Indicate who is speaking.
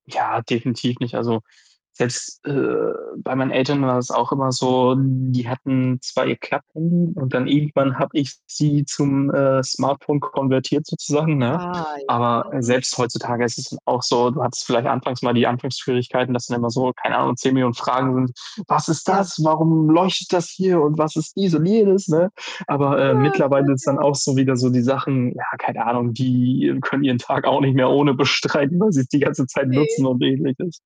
Speaker 1: Ja, definitiv nicht. Also, selbst, äh, bei meinen Eltern war es auch immer so, die hatten 2 Klapphandy und dann irgendwann habe ich sie zum, äh, Smartphone konvertiert sozusagen, ne?
Speaker 2: Ah, ja.
Speaker 1: Aber, äh,
Speaker 2: Mhm.
Speaker 1: selbst heutzutage ist es auch so, du hattest vielleicht anfangs mal die Anfangsschwierigkeiten, dass dann immer so, keine Ahnung, 10.000.000 Fragen sind. „Was ist
Speaker 2: Ja.
Speaker 1: das? Warum leuchtet das hier und was ist dies und jenes?”, ne? Aber, äh,
Speaker 2: Oh Gott,
Speaker 1: mittlerweile
Speaker 2: ja.
Speaker 1: sind auch so wieder so die Sachen ja, keine Ahnung, die können ihren Tag auch nicht mehr ohne bestreiten, weil sie's die ganze Zeit nutzen
Speaker 2: Ne.
Speaker 1: und Ähnliches.